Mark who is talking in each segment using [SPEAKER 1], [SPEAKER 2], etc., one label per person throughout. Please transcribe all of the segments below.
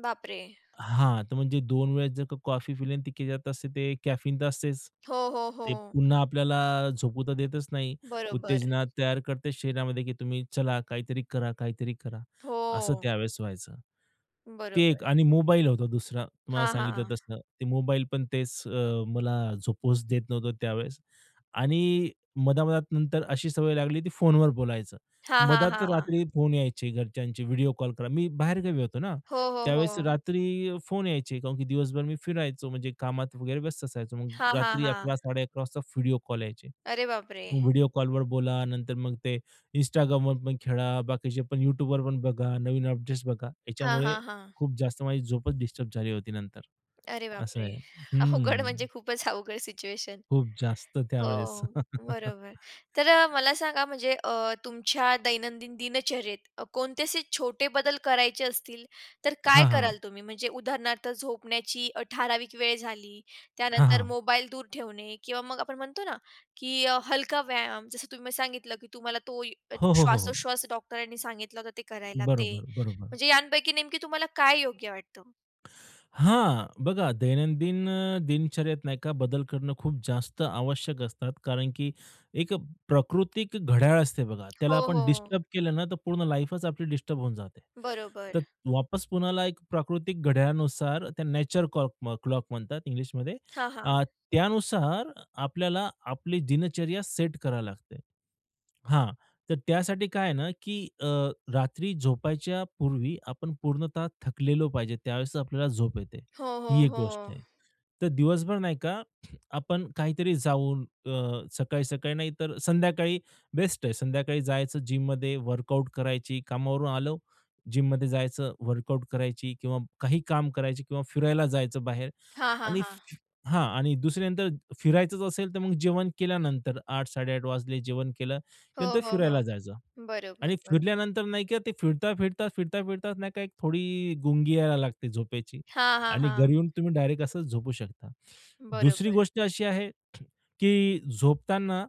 [SPEAKER 1] बापरे!
[SPEAKER 2] हां, तर म्हणजे 2 वेळेस जर का, कॉफी पिली, ती [unintelligible] असते ते कॅफीन तर असतेच,
[SPEAKER 1] हो, हो,
[SPEAKER 2] ते
[SPEAKER 1] हो.
[SPEAKER 2] पुन्हा आपल्याला झोपू तर देतच नाही.
[SPEAKER 1] बरोबर.
[SPEAKER 2] उत्तेजना तयार करते शरीरामध्ये, की तुम्ही चला काहीतरी करा, काहीतरी करा असं
[SPEAKER 1] हो.
[SPEAKER 2] त्यावेळेस व्हायचं. ते
[SPEAKER 1] बरोबर.
[SPEAKER 2] एक आणि मोबाईल होता दुसरा. तुम्हाला
[SPEAKER 1] हां,
[SPEAKER 2] सांगितलं
[SPEAKER 1] हां.
[SPEAKER 2] तसं. ते मोबाईल पण तेच अ, मला झोपूच देत नव्हतं त्यावेळेस. आणि मधा-मधात नंतर अशी सवय लागली की फोनवर बोलायचं.
[SPEAKER 1] हां, हां,
[SPEAKER 2] मधात
[SPEAKER 1] हां,
[SPEAKER 2] रात्री
[SPEAKER 1] हां.
[SPEAKER 2] फोन यायचे घरच्यांचे व्हिडिओ कॉल. कारण मी बाहेरगावी होतो ना.
[SPEAKER 1] हो, हो,
[SPEAKER 2] त्यावेळेस
[SPEAKER 1] हो.
[SPEAKER 2] रात्री फोन यायचे कारण की दिवसभर मी फिरायचो, म्हणजे कामात वगैरे व्यस्त असायचो, मग
[SPEAKER 1] हां, हां,
[SPEAKER 2] रात्री
[SPEAKER 1] हां.
[SPEAKER 2] 11.00-11.30 वाजता व्हिडिओ कॉल यायचे.
[SPEAKER 1] अरे बापरे!
[SPEAKER 2] व्हिडिओ कॉलवर बोला, नंतर मग ते Instagramवर पण खेळा, बाकीचे पण YouTubeवर पण बघा, नवीन अपडेट्स बघा,
[SPEAKER 1] हां,
[SPEAKER 2] याच्यामुळे
[SPEAKER 1] हां, हां.
[SPEAKER 2] खूप जास्त माझी झोपच डिस्टर्ब झाली होती नंतर
[SPEAKER 1] अरे
[SPEAKER 2] असं
[SPEAKER 1] बापरे!
[SPEAKER 2] आहे हे.
[SPEAKER 1] अवघड म्हणजे
[SPEAKER 2] हं.
[SPEAKER 1] खूपच अवघड सिच्युएशन.
[SPEAKER 2] खूप जास्त त्यावेळेस
[SPEAKER 1] हो. बरोबर. तर अ, मला सांगा म्हणजे अ, तुमच्या दैनंदिन दिनचर्येत कोणते असे छोटे बदल करायचे असतील, तर काय
[SPEAKER 2] हां, हां.
[SPEAKER 1] कराल तुम्ही, म्हणजे उदाहरणार्थ झोपण्याची अ, ठराविक वेळ झाली,
[SPEAKER 2] हां,
[SPEAKER 1] त्यानंतर
[SPEAKER 2] हां.
[SPEAKER 1] मोबाईल दूर ठेवणे किंवा मग आपण म्हणतो ना, की अ, हलका व्यायाम, जसं तुम्ही सांगितलं, की तुम्हाला तो
[SPEAKER 2] हो, हो, हो, हो.
[SPEAKER 1] श्वासोश्वास डॉक्टरांनी सांगितला होता ते करायला ते,
[SPEAKER 2] बरोबर, बरोबर.
[SPEAKER 1] म्हणजे यांपैकी नेमकी तुम्हाला काय योग्य वाटतं?
[SPEAKER 2] हां, बघा दैनंदिन अ, दिनचर्यात नाही का बदल करणं खूप जास्त आवश्यक असतात कारण की एक अ, प्राकृतिक घड्याळ असते बघा. त्याला
[SPEAKER 1] हो,
[SPEAKER 2] आपण
[SPEAKER 1] हो.
[SPEAKER 2] डिस्टर्ब केलं ना, तर पूर्ण लाईफच आपली डिस्टर्ब होऊन जाते. तर
[SPEAKER 1] बरोबर.
[SPEAKER 2] वापस पुन्हाला एक प्राकृतिक घड्याळानुसार त्याला नॅचरल कॉक अ, क्लॉक म्हणतात इंग्लिशमध्ये,
[SPEAKER 1] हां, हां.
[SPEAKER 2] अ, त्यानुसार आपल्याला आपली दिनचर्या सेट करावी लागते. हां. तर त्यासाठी काय आहे ना, की अ, रात्री झोपायच्या पूर्वी आपण पूर्णतः थकलेलो पाहिजे. त्यावेळेस आपल्याला झोप येते,
[SPEAKER 1] हो,
[SPEAKER 2] ही
[SPEAKER 1] हो,
[SPEAKER 2] एक
[SPEAKER 1] हो.
[SPEAKER 2] गोष्ट आहे. तर दिवसभर नाही का, आपण काहीतरी जाऊन अ, सकाळी-सकाळी नाही तर संध्याकाळी बेस्ट आहे. संध्याकाळी जायचं जिममध्ये वर्कआउट करायची, कामावरून आलो, जिममध्ये जायचं, वर्कआउट करायची किंवा काही काम करायची किंवा फिरायला जायचं बाहेर
[SPEAKER 1] हां, हां,
[SPEAKER 2] आणि
[SPEAKER 1] हां.
[SPEAKER 2] हां आणि दुसऱ्या नंतर फिरायच असेल, तर मग जेवण केल्यानंतर. 8.00-8.30 वाजले जेवण केलं,
[SPEAKER 1] हो,
[SPEAKER 2] नंतर
[SPEAKER 1] हो, हो.
[SPEAKER 2] फिरायला जायचं
[SPEAKER 1] बरोबर,
[SPEAKER 2] आणि
[SPEAKER 1] बरो
[SPEAKER 2] फिरल्यानंतर नाही की ते फिरता-फिरता, फिरता-फिरता नाही का थोडी गुंगी यायला लागते झोपेची
[SPEAKER 1] हां, हां,
[SPEAKER 2] आणि घरी
[SPEAKER 1] हां.
[SPEAKER 2] येऊन तुम्ही डायरेक्ट असं झोपू शकता. दुसरी
[SPEAKER 1] बरोबर.
[SPEAKER 2] गोष्ट अशी आहे, की झोपताना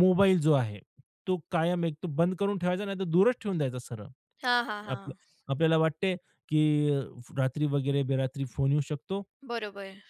[SPEAKER 2] मोबाईल जो आहे, तो कायम एक तो बंद करून ठेवायचा, नाही तर दूरच ठेवून द्यायचा सरळ.
[SPEAKER 1] हां, हां,
[SPEAKER 2] आपलं
[SPEAKER 1] हां.
[SPEAKER 2] आपल्याला वाटते की अ, रात्री वगैरे बेरात्री फोन येऊ शकतो
[SPEAKER 1] बरोबर.